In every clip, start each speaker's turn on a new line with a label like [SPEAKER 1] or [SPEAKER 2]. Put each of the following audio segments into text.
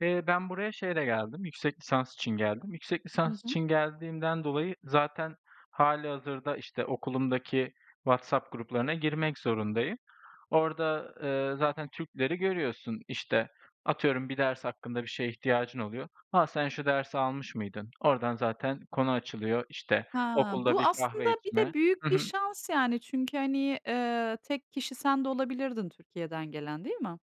[SPEAKER 1] Eee, ben buraya şeyle geldim, yüksek lisans için geldim. Yüksek
[SPEAKER 2] Hı
[SPEAKER 1] lisans
[SPEAKER 2] hı.
[SPEAKER 1] için geldiğimden dolayı zaten hâlihazırda, işte, okulumdaki WhatsApp gruplarına girmek zorundayım. Orada, eee, zaten Türkleri görüyorsun. İşte, atıyorum bir ders hakkında bir şeye ihtiyacın oluyor: "Ha, sen şu dersi almış mıydın?" Ordan zaten konu açılıyor, işte,
[SPEAKER 2] Ha,
[SPEAKER 1] okulda
[SPEAKER 2] bu
[SPEAKER 1] bir
[SPEAKER 2] aslında
[SPEAKER 1] kahve
[SPEAKER 2] bir de
[SPEAKER 1] içme. Hı
[SPEAKER 2] büyük bir
[SPEAKER 1] hı.
[SPEAKER 2] şans, yani. Çünkü, hani, eee, tek kişi sen de olabilirdin Türkiye'den gelen, değil mi?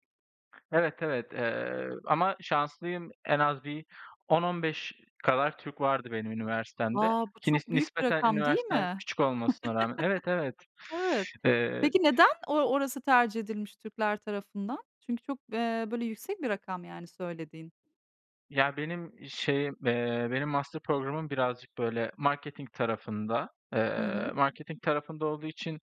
[SPEAKER 1] Evet, evet. Eee, ama şanslıyım, en az bir 10-15 kadar Türk vardı benim üniversitemde
[SPEAKER 2] Wow! Bu
[SPEAKER 1] ki nis
[SPEAKER 2] çok büyük bir
[SPEAKER 1] nispeten
[SPEAKER 2] rakam değil
[SPEAKER 1] üniversitem
[SPEAKER 2] mi?
[SPEAKER 1] küçük olmasına rağmen Evet, evet.
[SPEAKER 2] Evet.
[SPEAKER 1] Eee
[SPEAKER 2] Peki, neden o orası tercih edilmiş Türkler tarafından? Çünkü çok, eee, böyle, yüksek bir rakam, yani, söylediğin.
[SPEAKER 1] Ya benim şeyim, eee, benim master programım birazcık, böyle, marketing tarafında.
[SPEAKER 2] Hı
[SPEAKER 1] Eee,
[SPEAKER 2] hı.
[SPEAKER 1] marketing tarafında olduğu için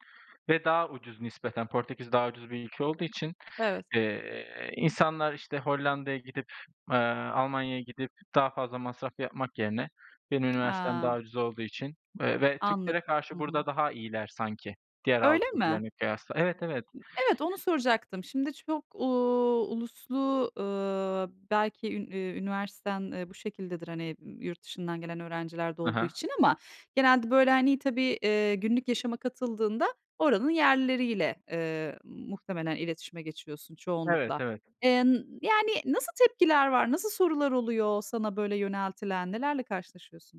[SPEAKER 1] ve daha ucuz nispeten Portekiz daha ucuz bir ülke olduğu için,
[SPEAKER 2] Evet.
[SPEAKER 1] eee, insanlar, işte, Hollanda'ya gidip, eee, Almanya'ya gidip daha fazla masraf yapmak yerine benim üniversitem daha
[SPEAKER 2] A.
[SPEAKER 1] ucuz olduğu için ve ve Türklere
[SPEAKER 2] Anladım. Hı
[SPEAKER 1] karşı burada
[SPEAKER 2] hı.
[SPEAKER 1] daha iyiler sanki diğer
[SPEAKER 2] Öyle
[SPEAKER 1] Avrupa
[SPEAKER 2] mi?
[SPEAKER 1] ülkelerine kıyasla Evet, evet.
[SPEAKER 2] Evet, onu soracaktım. Şimdi, çok, uuu, uluslu, ııı, belki üni iii üniversiten, eee, bu şekildedir, hani, ııı, yurt dışından gelen öğrenciler de
[SPEAKER 1] Hı
[SPEAKER 2] olduğu
[SPEAKER 1] hı.
[SPEAKER 2] için ama genelde, böyle, hani, tabii, ııı, günlük yaşama katıldığında oranın yerlileriyle, ııı, muhtemelen iletişime geçiyorsun
[SPEAKER 1] Evet,
[SPEAKER 2] çoğunlukla.
[SPEAKER 1] evet.
[SPEAKER 2] Eee, n yani, nasıl tepkiler var? Nasıl sorular oluyor sana, böyle, yöneltilen? Nelerle karşılaşıyorsun?